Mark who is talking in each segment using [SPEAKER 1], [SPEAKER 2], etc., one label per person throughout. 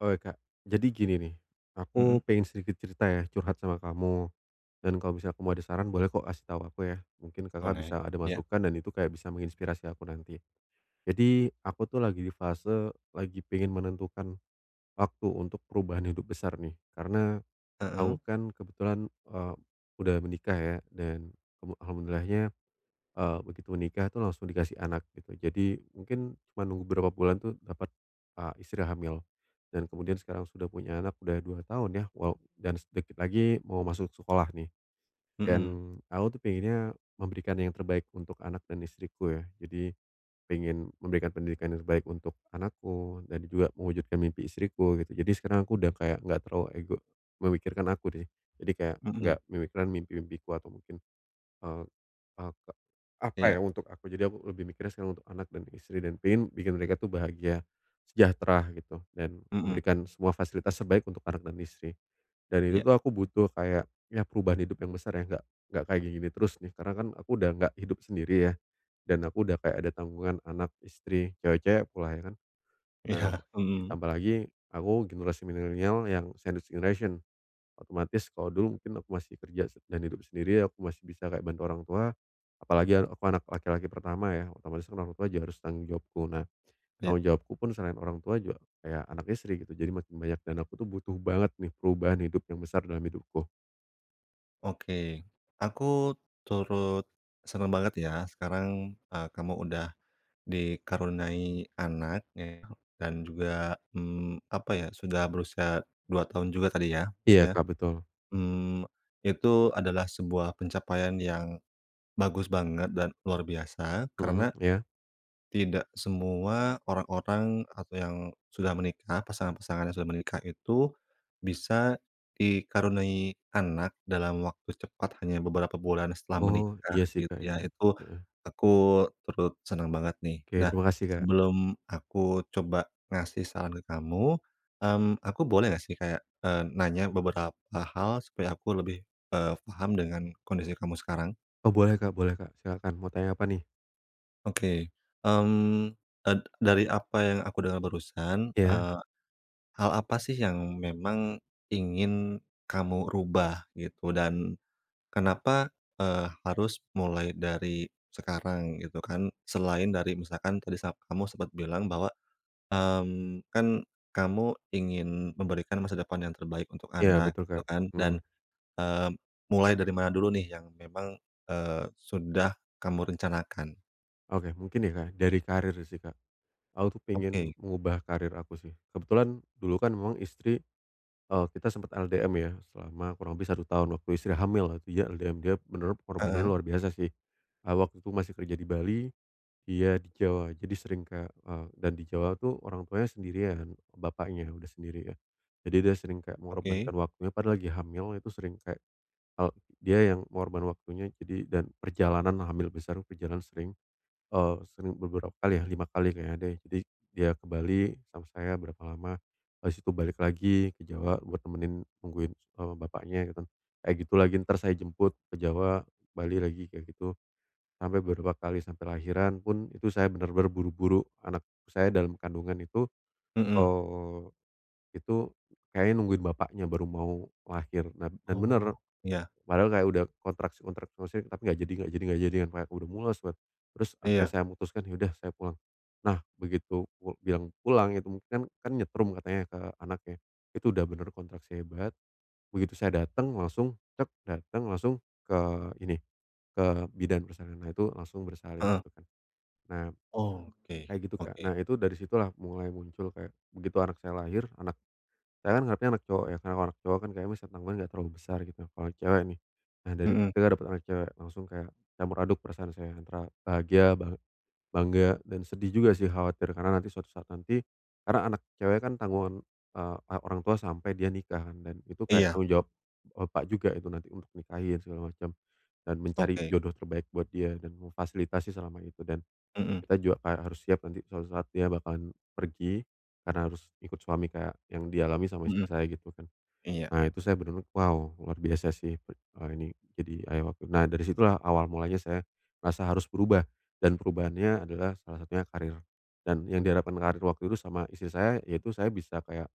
[SPEAKER 1] Oke, Kak. Jadi gini nih,
[SPEAKER 2] Mhm.
[SPEAKER 1] aku pengen sedikit cerita ya curhat sama kamu dan kalau misalnya kamu mau ada saran boleh kok kasih tahu aku ya, mungkin Kakak
[SPEAKER 2] Boleh,
[SPEAKER 1] bisa ada
[SPEAKER 2] iya.
[SPEAKER 1] masukan dan itu kayak bisa menginspirasi aku nanti. Jadi, aku tuh lagi di fase lagi pengen menentukan waktu untuk perubahan hidup besar nih. Karena aku
[SPEAKER 2] Mhm.
[SPEAKER 1] kan kebetulan, eee, udah menikah ya dan kamu alhamdulillahnya, eee, begitu menikah tuh langsung dikasih anak gitu. Jadi, mungkin cuma nunggu beberapa bulan tuh dapat, eee, istri hamil dan kemudian sekarang sudah punya anak udah 2 tahun ya, wala dan sedikit lagi mau masuk sekolah nih, dan
[SPEAKER 2] Mhm.
[SPEAKER 1] aku tuh pengennya memberikan yang terbaik untuk anak dan istriku ya. Jadi, pengen memberikan pendidikan yang terbaik untuk anakku dan juga mewujudkan mimpi istriku gitu. Jadi, sekarang aku udah kayak enggak terlalu ego memikirkan aku nih. Jadi, kayak
[SPEAKER 2] Mhm.
[SPEAKER 1] enggak memikirkan mimpi-mimpiku atau mungkin, eee, aka apa
[SPEAKER 2] Iya.
[SPEAKER 1] ya, untuk aku. Jadi, aku lebih mikirnya sekarang untuk anak dan istri dan pengen bikin mereka tuh bahagia, sejahtera gitu, dan
[SPEAKER 2] Mhm.
[SPEAKER 1] memberikan semua fasilitas terbaik untuk anak dan istri. Dan itu
[SPEAKER 2] Iya.
[SPEAKER 1] tuh aku butuh kayak, ya perubahan hidup yang besar ya, enggak enggak kayak gini gini terus nih, karena kan aku udah enggak hidup sendiri ya, dan aku udah kayak ada tanggungan anak, istri, cewek-cewek pula, ya kan? Nah,
[SPEAKER 2] Iya. Mhm.
[SPEAKER 1] ditambah lagi aku generasi milenial yang sandwich generation. Otomatis kalau dulu mungkin aku masih kerja dan hidup sendiri aku masih bisa kayak bantu orang tua, apalagi a aku anak laki-laki pertama ya, otomatis orang tua juga harus tanggung jawabku. Nah,
[SPEAKER 2] Iya.
[SPEAKER 1] tanggung jawabku pun selain orang tua juga kayak anak, istri, gitu. Jadi, makin banyak dan aku tuh butuh banget nih perubahan hidup yang besar dalam hidupku.
[SPEAKER 2] Oke. Aku turut senang banget ya sekarang, eee, kamu udah dikaruniai anak ya, dan juga, mmm, apa ya, sudah berusia 2 tahun juga tadi ya.
[SPEAKER 1] Iya,
[SPEAKER 2] Maksudnya,
[SPEAKER 1] Kak, betul.
[SPEAKER 2] mmm, itu adalah sebuah pencapaian yang bagus banget dan luar biasa,
[SPEAKER 1] Mhm,
[SPEAKER 2] karena
[SPEAKER 1] iya.
[SPEAKER 2] tidak semua orang-orang atau yang sudah menikah pasangan-pasangan yang sudah menikah itu, bisa dikaruniai anak dalam waktu cepat hanya beberapa bulan setelah
[SPEAKER 1] Oh,
[SPEAKER 2] menikah
[SPEAKER 1] iya sih
[SPEAKER 2] gitu
[SPEAKER 1] Kak, iya.
[SPEAKER 2] ya, itu
[SPEAKER 1] Heeh.
[SPEAKER 2] aku turut senang banget nih.
[SPEAKER 1] Oke.
[SPEAKER 2] Nah,
[SPEAKER 1] Terima kasih, Kak.
[SPEAKER 2] sebelum aku coba ngasih saran ke kamu, mmm, aku boleh enggak sih kayak, eee, nanya beberapa hal? Supaya aku lebih, eee, paham dengan kondisi kamu sekarang.
[SPEAKER 1] Oh, boleh Kak boleh Kak, silahkan. Mau tanya apa nih?
[SPEAKER 2] Oke, mmm, eee, dari apa yang aku dengar barusan,
[SPEAKER 1] Iya.
[SPEAKER 2] eee, hal apa sih yang memang ingin kamu rubah, gitu? Dan kenapa, eee, harus mulai dari sekarang gitu kan? Selain dari misalkan tadi sa kamu sempet bilang bahwa, mmm, kan kamu ingin memberikan masa depan yang terbaik untuk
[SPEAKER 1] Iya,
[SPEAKER 2] anak
[SPEAKER 1] betul, Kak,
[SPEAKER 2] gitu kan,
[SPEAKER 1] mhm.
[SPEAKER 2] dan, eee, mulai dari mana dulu nih yang memang, eee, sudah kamu rencanakan?
[SPEAKER 1] Oke. Mungkin ya, Kak, dari karir sih, Kak. Aku tuh pengen
[SPEAKER 2] Oke.
[SPEAKER 1] mengubah karir aku sih. Kebetulan dulu kan memang istri eee, kita sempet LDM ya, selama kurang lebih 1 tahun waktu istri hamil, [unintelligible] LDM dia menurut pengorbannya
[SPEAKER 2] Heeh?
[SPEAKER 1] luar biasa sih, eee, waktu itu masih kerja di Bali, dia di Jawa. Jadi sering kayak eee, dan Jawa itu orang tuanya sendirian, bapaknya udah sendiri ya. Jadi, dia sering kayak
[SPEAKER 2] Oke?
[SPEAKER 1] mengorbankan waktunya, padahal lagi hamil itu sering kayak, eee, dia yang ngorban waktunya. Jadi dan perjalanan hamil besar, perjalanan sering, eee, sering beberapa kali ya, 5 kali kayaknya deh. Jadi, dia ke Bali sama saya berapa lama, habis itu balik lagi ke Jawa buat nemenin, nungguin, eee, bapaknya gitu kan, kayak gitu lagi. Entar saya jemput ke Jawa, Bali lagi kayak gitu. Sampai beberapa kali sampai lahiran pun, itu saya benar-benar buru-buru anak saya dalam kandungan itu,
[SPEAKER 2] Mhm.
[SPEAKER 1] eee, itu kayaknya nungguin bapaknya baru mau lahir, nan dan
[SPEAKER 2] Oh.
[SPEAKER 1] bener.
[SPEAKER 2] Iya.
[SPEAKER 1] Padahal kayak udah kontraksi kontraksi, maksudnya, tapi nggak jadi nggak jadi nggak jadi, kayak udah mules kan. Terus, akhirnya
[SPEAKER 2] Iya.
[SPEAKER 1] saya mutuskan, "Ya udah saya pulang." Nah, begitu pu bilang pulang itu mungkin kan kan nyetrum katanya ke anaknya, itu udah bener kontraksi hebat. Begitu saya datang langsung, datang langsung ke ini, ke bidan persalinannya itu langsung bersalin
[SPEAKER 2] Heeh.
[SPEAKER 1] gitu kan. Nah,
[SPEAKER 2] Oke
[SPEAKER 1] kayak gitu, Kak.
[SPEAKER 2] oke.
[SPEAKER 1] Nah, itu dari situlah mulai muncul kayak, begitu anak saya lahir, anak saya kan ngarepnya anak cowok ya, karena anak cowok kan kayaknya besar tanggungan nggak terlalu besar gitu, apalagi cewek nih. Nah, dari
[SPEAKER 2] Mhm.
[SPEAKER 1] denger dapet anak cewek, langsung kayak campur aduk perasaan saya antara bahagia, bang bangga dan sedih juga sih khawatir karena nanti suatu saat nanti karena anak cewek kan tanggungan, eee, anak orang tua sampai dia nikah kan dan itu kayak
[SPEAKER 2] Iya.
[SPEAKER 1] tanggung jawab bapak juga itu nanti untuk nikahin segala macam, dan mencari
[SPEAKER 2] Oke.
[SPEAKER 1] jodoh terbaik buat dia dan memfasilitasi selama itu dan
[SPEAKER 2] Mhm.
[SPEAKER 1] kita juga kayak harus siap nanti suatu saat dia bakalan pergi karena harus ikut suami kayak yang dialami sama istri
[SPEAKER 2] Mhm,
[SPEAKER 1] saya gitu kan.
[SPEAKER 2] iya.
[SPEAKER 1] Nah, itu saya bener-bener, wow, luar biasa sih per eee, ini jadi ayah waktu itu. Nah, dari situlah awal mulanya saya merasa harus berubah dan perubahannya adalah salah satunya karir, dan yang diharapkan karir waktu itu sama istri saya, ya itu saya bisa kayak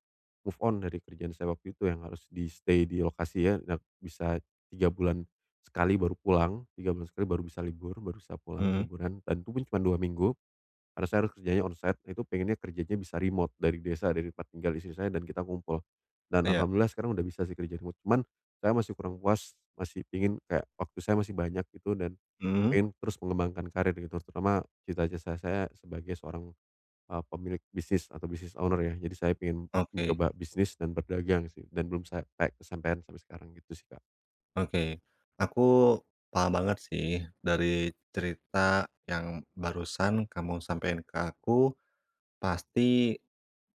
[SPEAKER 1] move on dari kerjaan saya waktu itu yang harus di-stay di lokasi ya nak bisa 3 bulan sekali baru pulang, 3 bulan sekali baru bisa libur, baru bisa pulang
[SPEAKER 2] Mhm?
[SPEAKER 1] liburan, dan itu pun cuma 2 minggu. Karena saya harus kerjanya on site, itu pengennya kerjanya bisa remote dari desa dari tempat tinggal istri saya dan kita ngumpul. Dan
[SPEAKER 2] Iya.
[SPEAKER 1] alhamdulillah sekarang udah bisa sih kerja remote. Cuman, saya masih kurang puas masih pengen kayak waktu saya masih banyak gitu dan
[SPEAKER 2] Mhm?
[SPEAKER 1] pengen terus mengembangkan karir gitu, terutama cita-cita saya sebagai seorang, eee, pemilik bisnis atau business owner ya. Jadi saya pengen
[SPEAKER 2] Oke.
[SPEAKER 1] mencoba bisnis dan berdagang sih, dan belum sa pek kesampean sampai sekarang, gitu sih, Kak.
[SPEAKER 2] Oke. Aku paham banget sih, dari cerita yang barusan kamu sampein ke aku, pasti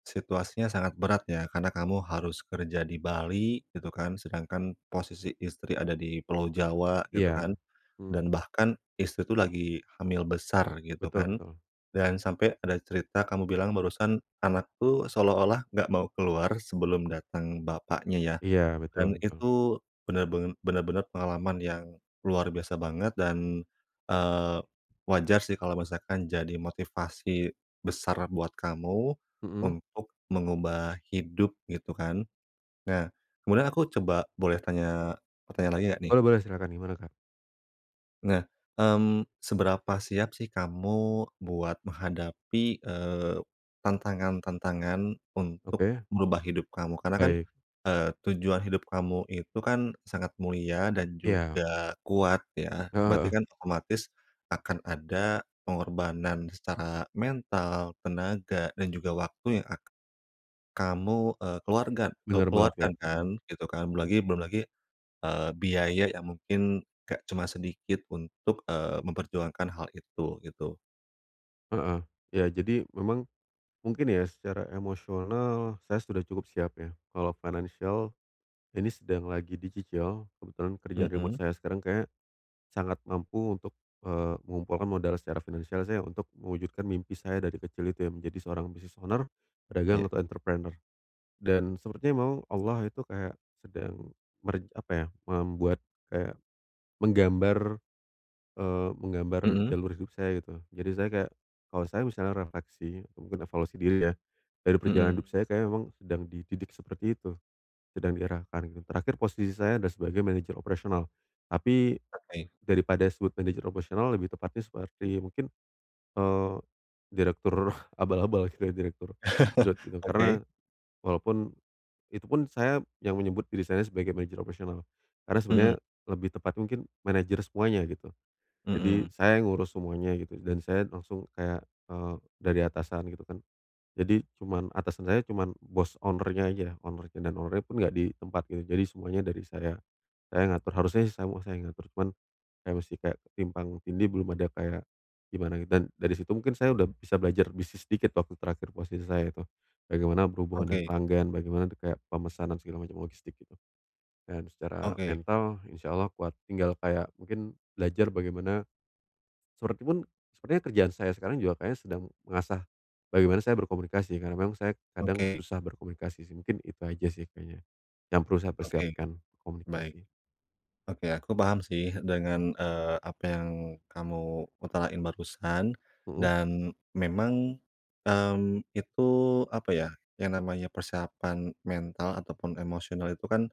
[SPEAKER 2] situasinya sangat berat ya, karena kamu harus kerja di Bali gitu kan. Sedangkan posisi istri ada di Pulau Jawa gitu kan,
[SPEAKER 1] Iya. Mhm.
[SPEAKER 2] dan bahkan istri tuh lagi hamil besar gitu
[SPEAKER 1] Betul
[SPEAKER 2] kan,
[SPEAKER 1] betul.
[SPEAKER 2] dan sampai ada cerita kamu bilang barusan, anakku seolah-olah enggak mau keluar sebelum datang bapaknya ya,
[SPEAKER 1] Iya. Betul
[SPEAKER 2] dan
[SPEAKER 1] betul.
[SPEAKER 2] itu benar-ben benar-benar pengalaman yang luar biasa banget dan, eee, wajar sih kalau misalkan jadi motivasi besar buat kamu
[SPEAKER 1] Mhm?
[SPEAKER 2] untuk mengubah hidup, gitu kan. Nah, kemudian aku coba boleh tanya, pertanyaan lagi enggak nih?
[SPEAKER 1] Boleh boleh, silakan. Gimana, Kak?
[SPEAKER 2] Nah, mmm, seberapa siap sih kamu buat menghadapi, eee, tantangan-tantangan untuk
[SPEAKER 1] Oke.
[SPEAKER 2] merubah hidup kamu? Karena kan,
[SPEAKER 1] Baik.
[SPEAKER 2] eee, tujuan hidup kamu itu kan sangat mulia dan
[SPEAKER 1] Ya.
[SPEAKER 2] juga kuat ya.
[SPEAKER 1] Heeh
[SPEAKER 2] Berarti
[SPEAKER 1] heeh.
[SPEAKER 2] kan otomatis akan ada pengorbanan secara mental, tenaga, dan juga waktu yang ak kamu, eee, keluarga ke
[SPEAKER 1] Benar banget,
[SPEAKER 2] keluarkan
[SPEAKER 1] Kak.
[SPEAKER 2] kan,
[SPEAKER 1] Mhm.
[SPEAKER 2] gitu kan. Belum lagi belum lagi, eee, biaya yang mungkin enggak cuma sedikit untuk, eee, memperjuangkan hal itu, gitu.
[SPEAKER 1] Heeh. Iya. Jadi, memang mungkin ya, secara emosional saya sudah cukup siap, ya. Kalau finansial ini sedang lagi dicicil, kebetulan kerjaan remote
[SPEAKER 2] Mhm?
[SPEAKER 1] saya sekarang kayaknya sangat mampu untuk, eee, mengumpulkan modal secara finansial saya untuk mewujudkan mimpi saya dari kecil itu ya menjadi seorang business owner, pedagang,
[SPEAKER 2] Iya.
[SPEAKER 1] atau entrepreneur. Dan sepertinya memang Allah itu kayak sedang meren apa ya, membuat kayak, menggambar, eee, menggambar
[SPEAKER 2] Mhm?
[SPEAKER 1] jalur hidup saya, gitu. Jadi saya kayak, kalau saya misalnya refleksi, mungkin evaluasi diri ya, dari perjalanan
[SPEAKER 2] Mhm.
[SPEAKER 1] hidup saya, kayaknya memang sedang dididik seperti itu, sedang diarahkan, gitu. Terakhir posisi saya adalah sebagai manajer operasional. Tapi
[SPEAKER 2] Oke.
[SPEAKER 1] daripada disebut manajer operasional, lebih tepatnya seperti mungkin, eee, direktur abal-abal, kayak direktur dirut gitu. Karena
[SPEAKER 2] Oke.
[SPEAKER 1] walaupun itupun saya yang menyebut diri saya sebagai manajer operasional, karena sebenarnya
[SPEAKER 2] Mhm.
[SPEAKER 1] lebih tepatnya mungkin manajer semuanya, gitu. Jadi
[SPEAKER 2] Mhm.
[SPEAKER 1] saya ngurus semuanya gitu, dan saya langsung kayak, eee, dari atasan gitu kan. Jadi cuma atasan saya cuma boss owner-nya aja, owner-nya, dan owner-nya pun enggak di tempat gitu, jadi semuanya dari saya. Saya yang ngatur, harusnya sih semuanya saya yang ngatur, cuman saya mesti kayak ketimpang tindih, belum ada kayak gimana gitu, dan dari situ mungkin saya sudah bisa belajar bisnis dikit waktu terakhir posisi saya itu. Bagaimana berhubungan dengan
[SPEAKER 2] Oke.
[SPEAKER 1] pelanggan, bagaimana de kayak pemesanan segala macam, logistik, gitu. Dan secara
[SPEAKER 2] Oke.
[SPEAKER 1] mental insyaallah kuat, tinggal kayak mungkin belajar bagaimana seperti pun, sepertinya kerjaan saya sekarang juga kayaknya sedang mengasah bagaimana saya berkomunikasi, karena memang saya kadang
[SPEAKER 2] Oke.
[SPEAKER 1] susah berkomunikasi, sih. Mungkin itu aja sih kayaknya, yang perlu saya
[SPEAKER 2] Oke.
[SPEAKER 1] persiapkan,
[SPEAKER 2] Baik.
[SPEAKER 1] komunikasi.
[SPEAKER 2] Oke. Aku paham sih dengan, eee, apa yang kamu utarain barusan
[SPEAKER 1] Mhm?
[SPEAKER 2] dan memang, mmm, itu, apa ya, yang namanya persiapan mental ataupun emosional itu kan,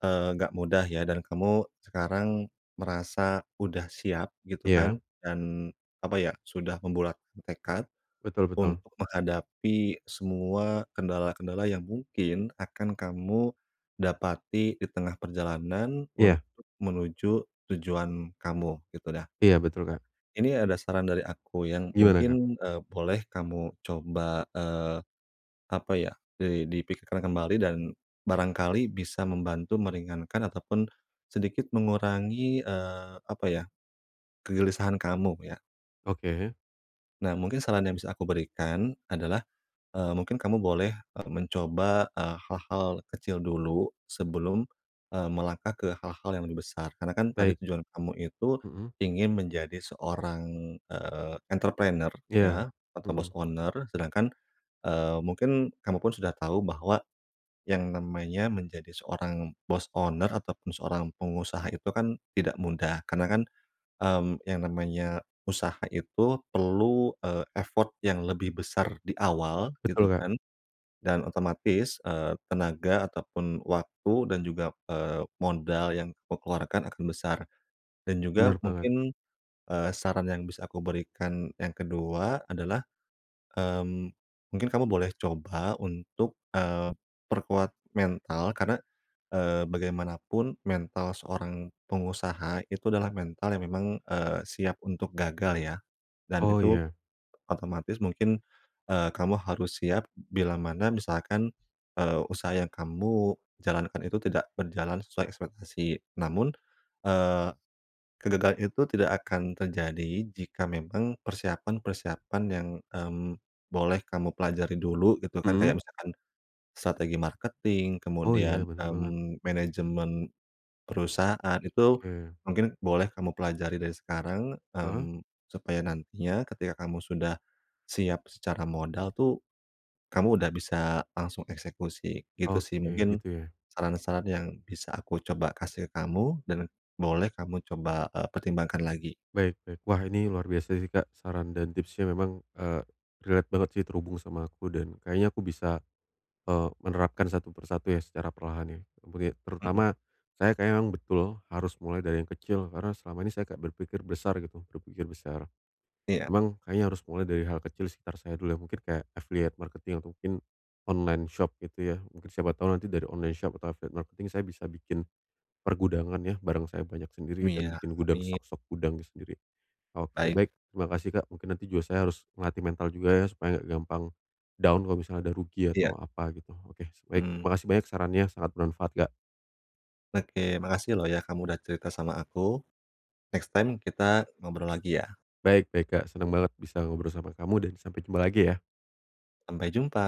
[SPEAKER 2] eee, enggak mudah ya, dan kamu sekarang merasa udah siap, gitu kan,
[SPEAKER 1] Iya?
[SPEAKER 2] dan, apa ya, sudah membulatkan tekad
[SPEAKER 1] Betul betul.
[SPEAKER 2] untuk menghadapi semua kendala-kendala yang mungkin akan kamu dapati di tengah perjalanan
[SPEAKER 1] Iya.
[SPEAKER 2] untuk menuju tujuan kamu, gitu dah.
[SPEAKER 1] Iya betul, Kak.
[SPEAKER 2] Ini ada saran dari aku yang
[SPEAKER 1] Gimana, Kak?
[SPEAKER 2] mungkin, eee, boleh kamu coba, eee, apa ya, di dipikirkan kembali dan barangkali bisa membantu meringankan ataupun sedikit mengurangi, eee, apa ya, kegelisahan kamu ya.
[SPEAKER 1] Oke.
[SPEAKER 2] Nah, mungkin saran yang bisa aku berikan adalah, eee, mungkin kamu boleh, e mencoba, e hal-hal kecil dulu, sebelum, e melangkah ke hal-hal yang lebih besar, karena kan tadi
[SPEAKER 1] Baik.
[SPEAKER 2] tujuan kamu itu,
[SPEAKER 1] Mhm.
[SPEAKER 2] ingin menjadi seorang, eee, entrepreneu
[SPEAKER 1] Iya.
[SPEAKER 2] ya, atau bos
[SPEAKER 1] Mhm.
[SPEAKER 2] owner, sedangkan, eee, mungkin kamu pun sudah tahu bahwa yang namanya menjadi seorang bos owner, ataupun seorang pengusaha itu kan tidak mudah, karena kan, mmm, yang namanya usaha itu perlu, eee, effort yang lebih besar di awal gitu
[SPEAKER 1] Betul, Kak.
[SPEAKER 2] kan, dan otomatis, eee, tenaga ataupun waktu dan juga, eee, modal yang kamu keluarkan akan besar. Dan juga
[SPEAKER 1] Bener banget.
[SPEAKER 2] mungkin, eee, saran yang bisa aku berikan yang ke-2 adalah, mmm, mungkin kamu boleh coba untuk, eee, perkuat mental. Karena, eee, bagaimanapun mental seorang pengusaha itu adalah mental yang memang, eee, siap untuk gagal ya, dan
[SPEAKER 1] Oh,
[SPEAKER 2] itu
[SPEAKER 1] iya.
[SPEAKER 2] otomatis mungkin, eee, kamu harus siap, bilamana misalkan, eee, usaha yang kamu jalankan itu tidak berjalan sesuai ekspektasi. Namun, eee, kegagalan itu tidak akan terjadi, jika memang persiapan-persiapan yang, mmm, boleh kamu pelajari dulu gitu kan,
[SPEAKER 1] Mhm?
[SPEAKER 2] kayak misalkan strategi marketing,
[SPEAKER 1] Oh
[SPEAKER 2] kemudian,
[SPEAKER 1] iya, bener banget.
[SPEAKER 2] mmm, manajemen perusahaan itu
[SPEAKER 1] Oke.
[SPEAKER 2] mungkin boleh kamu pelajari dari sekarang,
[SPEAKER 1] Heeh?
[SPEAKER 2] mmm, supaya nantinya ketika kamu sudah siap secara modal tuh, kamu udah bisa langsung eksekusi gitu sih.
[SPEAKER 1] Oke,
[SPEAKER 2] Mungkin,
[SPEAKER 1] gitu ya?
[SPEAKER 2] saran-saran yang bisa aku coba kasih ke kamu dan boleh kamu coba, e pertimbangkan lagi.
[SPEAKER 1] Baik baik, wah ini luar biasa sih Kak, saran dan tipsnya memang, eee, relate banget sih terhubung sama aku dan kayaknya aku bisa, eee, menerapkan satu persatu ya, secara perlahan ya. Apalagi
[SPEAKER 2] Mhm.
[SPEAKER 1] terutama saya kayaknya memang betul, harus mulai dari yang kecil karena selama ini kayak saya berpikir besar gitu, berpikir besar.
[SPEAKER 2] Iya.
[SPEAKER 1] Memang kayaknya harus mulai dari hal kecil sekitar saya dulu ya, mungkin kayak affiliate marketing atau mungkin online shop gitu ya, mungkin siapa tahu nanti dari online shop atau affiliate marketing saya bisa bikin pergudangan ya, barang saya banyak sendiri dan
[SPEAKER 2] Iya,
[SPEAKER 1] bikin gudang
[SPEAKER 2] amin.
[SPEAKER 1] stok-stok gudang sendiri. Oke,
[SPEAKER 2] Baik.
[SPEAKER 1] baik, terima kasih Kak, mungkin nanti juga saya harus ngelatih mental juga ya supaya enggak gampang down kalau misalnya ada rugi
[SPEAKER 2] Iya.
[SPEAKER 1] atau apa gitu, oke baik,
[SPEAKER 2] Mhm.
[SPEAKER 1] makasih banyak sarannya sangat bermanfaat, Kak.
[SPEAKER 2] Oke, makasih loh ya, kamu udah cerita sama aku. Next time kita ngobrol lagi ya.
[SPEAKER 1] Baik baik Kak, senang banget bisa ngobrol sama kamu dan sampai jumpa lagi ya.
[SPEAKER 2] Sampai jumpa.